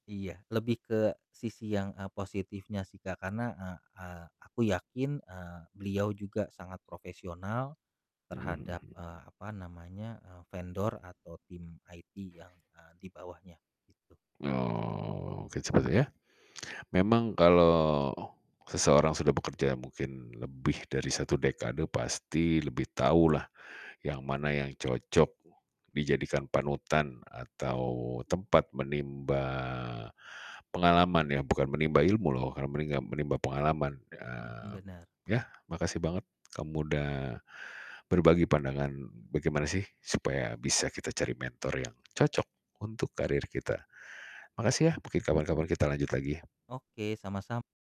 Iya, lebih ke sisi yang, e positifnya sih Kak, karena, eee eee, aku yakin, eee, beliau juga sangat profesional Mhm mhm terhadap, mhm. eee, apa namanya, eee, vendor atau tim IT yang, eee, di bawahnya, gitu. Oh, sepertinya, memang kalau seseorang sudah bekerja mungkin lebih dari 1 dekade pasti lebih tahu lah, yang mana yang cocok dijadikan panutan atau tempat menimba pengalaman ya, bukan menimba ilmu loh kala meningga menimba pengalaman, Mhm, ya. benar. Yah, makasih banget, kamu udah berbagi pandangan, bagaimana sih supaya bisa kita cari mentor yang cocok untuk karir kita. Makasih ya, mungkin kapan-kapan kita lanjut lagi ya. Oke, sama-sam